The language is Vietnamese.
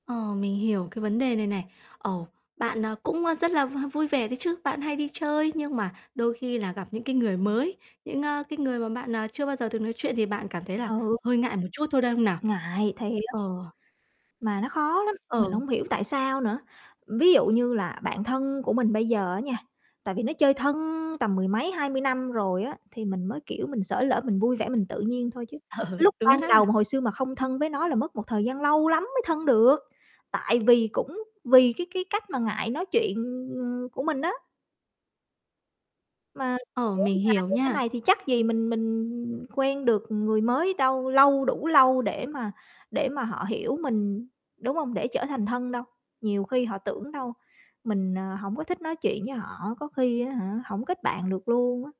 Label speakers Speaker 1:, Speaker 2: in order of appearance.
Speaker 1: Ờ, mình hiểu cái vấn đề này này. Ồ, bạn, ờ, cũng, ơ, rất là v vui vẻ đấy chứ, bạn hay đi chơi, nhưng mà đôi khi là gặp những cái người mới, những, ơ, cái người mà bạn, ờ, chưa bao giờ từng nói chuyện thì bạn cảm thấy là
Speaker 2: Ừ.
Speaker 1: hơi ngại một chút thôi, đúng không nào?
Speaker 2: Ngại, thiệt!
Speaker 1: Ờ.
Speaker 2: Mà nó khó lắm, mình
Speaker 1: Ờ.
Speaker 2: hông hiểu tại sao nữa. Ví dụ như là bạn thân của mình bây giờ á nha, tại vì nó chơi thân tầm mười mấy, 20 năm rồi á, thì mình mới, kiểu, mình xởi lởi, mình vui vẻ mình tự nhiên thôi chứ.
Speaker 1: Ừ,
Speaker 2: Lúc
Speaker 1: đúng
Speaker 2: ban đầu mà
Speaker 1: ha.
Speaker 2: hồi xưa mà không thân với nó là mất một thời gian lâu lắm mới thân được. Tại vì cũng vì cái cái cách mà ngại nói chuyện, ừm, ừm, của mình á. Mà
Speaker 1: Ờ,
Speaker 2: kéo
Speaker 1: mình
Speaker 2: dài
Speaker 1: hiểu
Speaker 2: như thế
Speaker 1: nha.
Speaker 2: này thì chắc gì mình mình quen được người mới đâu lâu đủ lâu để mà để mà họ hiểu mình, đúng hông? Để trở thành thân đâu. Nhiều khi họ tưởng đâu, mình, à, hổng có thích nói chuyện với họ, có khi á hả, hổng kết bạn được luôn á.